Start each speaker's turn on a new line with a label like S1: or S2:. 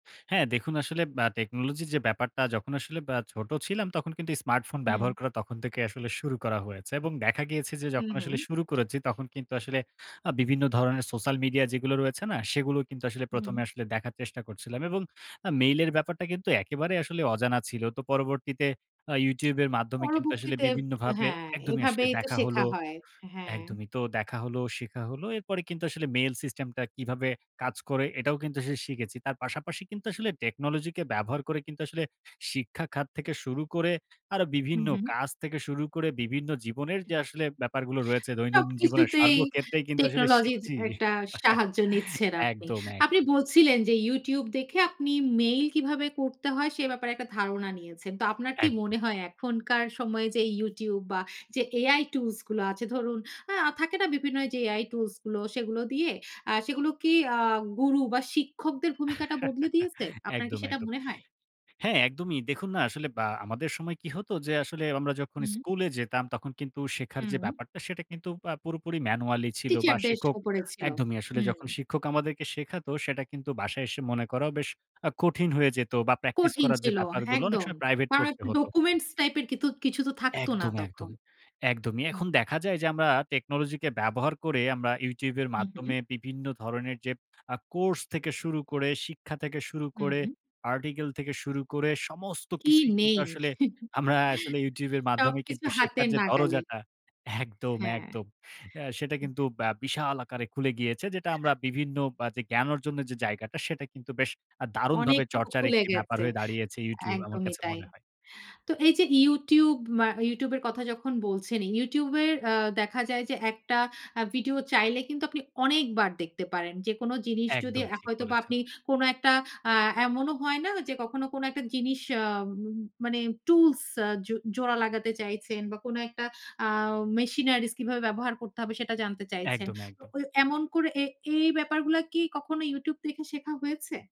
S1: হ্যাঁ দেখুন আসলে অ্যা technology র যে ব্যাপারটা যখন আসলে আ ছোট ছিলাম, তখন কিন্তু স্মার্টফোন
S2: হুম।
S1: ব্যবহার করা তখন থেকে আসলে শুরু করা হয়েছে। এবং দেখা গিয়েছে যে
S2: হুম,
S1: যখন
S2: হুম।
S1: আসলে শুরু করেছি, তখন কিন্তু আসলে আ বিভিন্ন ধরনের সোশ্যাল মিডিয়া যেগুলো রয়েছে না, সেগুলো কিন্তু আসলে প্রথমে
S2: হুম।
S1: আসলে দেখার চেষ্টা করছিলাম। এবং আ mail এর ব্যাপারটা কিন্তু একেবারে আসলে অজানা ছিল। তো পরবর্তীতে আ YouTube এর মাধ্যমে কিন্তু আসলে
S2: পরবর্তীতে,
S1: বিভিন্নভাবে
S2: হ্যাঁ,
S1: একদমই আসলে
S2: এভাবেই তো
S1: দেখা
S2: শেখা
S1: হলো।
S2: হয়। হ্যাঁ।
S1: একদমই. তো দেখা হলো, শেখা হল। এরপরে কিন্তু আসলে mail system টা কিভাবে কাজ করে, এটাও কিন্তু শি শিখেছি। তার পাশাপাশি কিন্তু আসলে technology কে ব্যবহার করে কিন্তু আসলে শিক্ষা খাত থেকে শুরু করে আরো
S2: হুম,
S1: বিভিন্ন
S2: হুম।
S1: কাজ থেকে শুরু করে বিভিন্ন জীবনের যে আসলে ব্যাপারগুলো রয়েছে, দৈনন্দিন জীবনের,
S2: সবকিছুতেই
S1: সর্বক্ষেত্রেই কিন্তু আসলে
S2: technology র যে
S1: শিখছি।
S2: একটা সাহায্য নিচ্ছেন আপনি।
S1: একদম
S2: আপনি
S1: একদম।
S2: বলছিলেন যে YouTube দেখে আপনি mail কিভাবে করতে হয় সে ব্যাপারে একটা ধারণা নিয়েছেন। তো আপনার কি
S1: একদম।
S2: মনে হয় এখনকার সময়ে যে YouTube বা যে AI টুলস গুলো আছে, ধরুন আ থাকে না বিভিন্ন এইযে AI টুলস গুলো, সেগুলো দিয়ে আ সেগুলো কি আ গুরু বা শিক্ষকদের ভূমিকাটা বদলে দিয়েছে? আপনার কি
S1: একদম
S2: সেটা
S1: একদম।
S2: মনে হয়?
S1: হ্যাঁ একদমই। দেখুন না? আসলে বা আমাদের সময় কি হতো যে আসলে আমরা যখন
S2: হুম।
S1: স্কুলে যেতাম, তখন কিন্তু শেখার যে
S2: হুম।
S1: ব্যাপারটা সেটা কিন্তু আ পুরোপুরি manually ছিল, বা
S2: Teacher দের
S1: শিক্ষক,
S2: ওপরে ছিল।
S1: একদমই আসলে
S2: হুম।
S1: যখন শিক্ষক আমাদেরকে শেখাত, সেটা কিন্তু বাসায় এসে মনে করাও বেশ আ কঠিন হয়ে যেত। বা practice
S2: কঠিন
S1: করার যে
S2: ছিল। হ্যাঁ
S1: ব্যাপারগুলো, অনেক
S2: একদম।
S1: সময় প্রাইভেট
S2: কারণ
S1: পড়তে
S2: একটা
S1: হত।
S2: ডকুমেন্টস টাইপ এর কিন্তু কিছু তো থাকতো না
S1: একদম
S2: তখন।
S1: একদম। একদমই।
S2: হুম,
S1: এখন
S2: হুম।
S1: দেখা যায় যে আমরা technology কে ব্যবহার করে আমরা YouTube এর
S2: হুম, হুম।
S1: মাধ্যমে বিভিন্ন ধরনের যে আ কোর্স থেকে শুরু করে, শিক্ষা থেকে শুরু করে,
S2: হুম।
S1: article থেকে শুরু করে, সমস্ত
S2: কি
S1: কিছুই কিন্তু
S2: নেই?
S1: আসলে আমরা আসলে YouTube এর মাধ্যমে
S2: সবকিছু
S1: কিন্তু শেখার
S2: হাতের
S1: যে
S2: নাগালে।
S1: দরজাটা, একদম
S2: হ্যাঁ।
S1: একদম। অ্যা সেটা কিন্তু
S2: হুম।
S1: অ্যা বিশাল আকারে খুলে গিয়েছে যেটা আমরা বিভিন্ন অ্যা যে জ্ঞান অর্জনের যে জায়গাটা, সেটা কিন্তু বেশ আ দারুণভাবে
S2: অনেকটুকু
S1: চর্চার
S2: খুলে
S1: একটি ব্যাপার
S2: গেছে।
S1: হয়ে দাঁড়িয়েছে YouTube আমার
S2: একদমই
S1: কাছে
S2: তাই।
S1: মনে হয়।
S2: তো এই যে YouTube অ্যা YouTube এর কথা যখন বলছেনই, YouTube এর আ দেখা যায় যে একটা আ ভিডিও চাইলে কিন্তু আপনি অনেকবার দেখতে পারেন। যেকোনো জিনিস যদি
S1: একদম
S2: অ্যা
S1: ঠিক
S2: হয়তো বা
S1: বলেছেন।
S2: আপনি কোনো একটা আ এমনও হয় না যে কখনো কোনো একটা জিনিস আ মানে tools আ জো জোড়া লাগাতে চাইছেন বা কোনো একটা আ machineries কিভাবে ব্যবহার করতে হবে সেটা জানতে চাইছেন,
S1: একদম,
S2: তো
S1: একদম।
S2: ঐ এমন করে এ এই ব্যাপারগুলা কি কখনো YouTube দেখে শেখা হয়েছে?